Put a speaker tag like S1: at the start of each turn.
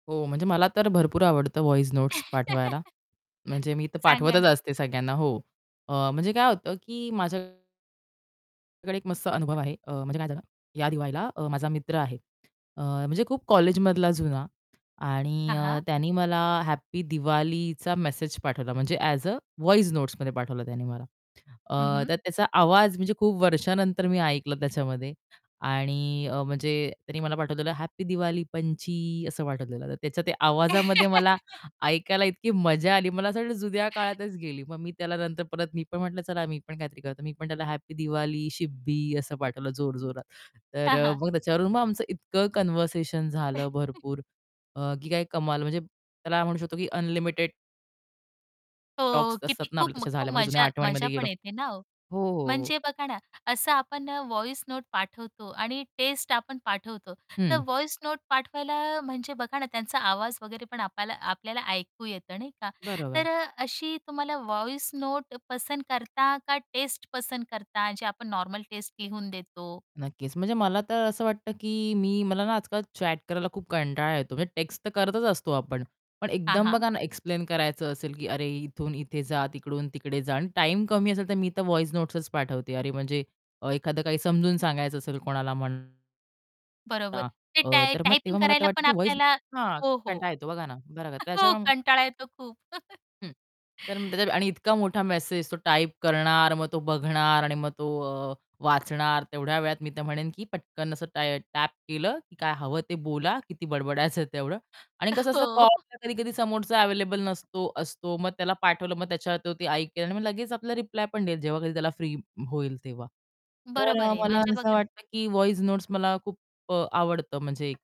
S1: हो म्हणजे मला तर भरपूर आवडतं व्हॉईस नोटस पाठवायला म्हणजे मी तर
S2: सांगा
S1: पाठवतच
S2: ना.
S1: असते सगळ्यांना हो. अ, म्हणजे काय होतं, की माझ्या कडे एक मस्त अनुभव आहे अ, म्हणजे काय झालं या दिवाळीला अ, माझा मित्र आहे. अ, म्हणजे खूप कॉलेजमधला जुना आणि
S2: हां, हां.
S1: त्यांनी मला हॅप्पी दिवाळीचा मेसेज पाठवला म्हणजे एज अ, व्हॉईस नोट्समध्ये पाठवलं त्याने मला.
S2: हं,
S1: अ,
S2: हं.
S1: तर त्याचा आवाज म्हणजे खूप वर्षानंतर मी ऐकलं त्याच्यामध्ये आणि अ, म्हणजे त्यांनी मला पाठवलेलं "हॅप्पी दिवाळी पंची" असं पाठवलेलं तर त्याच्या ते आवाजामध्ये मला ऐकायला इतकी मजा आली मला असं वाटलं जुन्या काळातच गेली, मग मी त्याला नंतर परत मी पण म्हटलं, चला मी पण काहीतरी करतो. मी पण त्याला "हॅपी दिवाळी शिब्बी" असं पाठवलं जोरजोरात. तर
S2: हां,
S1: अ,
S2: हां.
S1: मग त्याच्यावरून मग आमचं इतकं कन्व्हर्सेशन झालं भरपूर अ, की काय कमाल म्हणजे त्याला म्हणू शकतो की अनलिमिटेड
S2: हो
S1: टॉक्स असतात
S2: किती
S1: ना
S2: खूप
S1: आपले तसे
S2: [unintelligible]
S1: झाल्यामध्ये जुन्या
S2: मजा मजा
S1: आठवणीमध्ये
S2: पण
S1: गेलो.
S2: येते ना हो.
S1: हो, हो, हो.
S2: म्हणजे बघा ना, असं आपण अ, व्हॉईस नोट पाठवतो आणि टेस्ट आपण पाठवतो तर
S1: हं.
S2: व्हॉईस नोट पाठवायला म्हणजे बघा ना त्यांचा आवाज वगैरे पण आपल्याला आपल्याला ऐकू येतं नाही का?
S1: बरोबर.
S2: तर अशी तुम्हाला व्हॉईस नोट पसंत करता का टेस्ट पसंत करता? जे आपण नॉर्मल टेस्ट लिहून देतो.
S1: नक्कीच. म्हणजे मला तर असं वाटतं, की मी मला ना आजकाल चॅट करायला खूप कंटाळा येतो, म्हणजे टेक्स्ट तर करतच असतो आपण. पण
S2: हां,
S1: एकदम
S2: हां.
S1: बघा ना एक्सप्लेन करायचं असेल, की अरे इथून इथे जा, तिकडून तिकडे जा आणि टाईम कमी असेल तर मी तर व्हॉईस नोटसचं पाठवते अरे म्हणजे अ, एखादं काही समजून सांगायचं असेल कोणाला म्हण
S2: बरोबर.
S1: हां,
S2: ते
S1: अ,
S2: टाय
S1: तर मग
S2: टायपिंग
S1: तेव्हा मला
S2: करायला
S1: वाटतं,
S2: पण
S1: की व्हॉईस
S2: आपल्याला
S1: हां,
S2: हो, हो.
S1: कंटाळा येतो बघा ना. बरोबर
S2: हो
S1: त्याच्यामुळे
S2: कंटाळा येतो खूप
S1: हं. तर आणि इतका मोठा मेसेज तो टाइप करणार, मग तो बघणार आणि मग तो अ, वाचणार तेवढ्या वेळात, मी तर म्हणेन की पटकन असं ट टॅप केलं की काय हवं ते बोला किती बडबडायचं तेवढं आणि कसं असतं
S2: हो.
S1: कॉल कधी-कधी समोरचा अव्हेलेबल नसतो, असतो. मग त्याला पाठवलं, मग त्याच्यावर ते-ते ऐकेल आणि मग लगेच आपल्याला रिप्लाय पण देईल, जेव्हा कधी त्याला फ्री होईल तेव्हा. तर
S2: बरोबर
S1: अ,
S2: आहे.
S1: मला
S2: म्हणजे
S1: असं
S2: बघा ना.
S1: वाटतं की व्हॉईस नोटस मला खूप आवडतं म्हणजे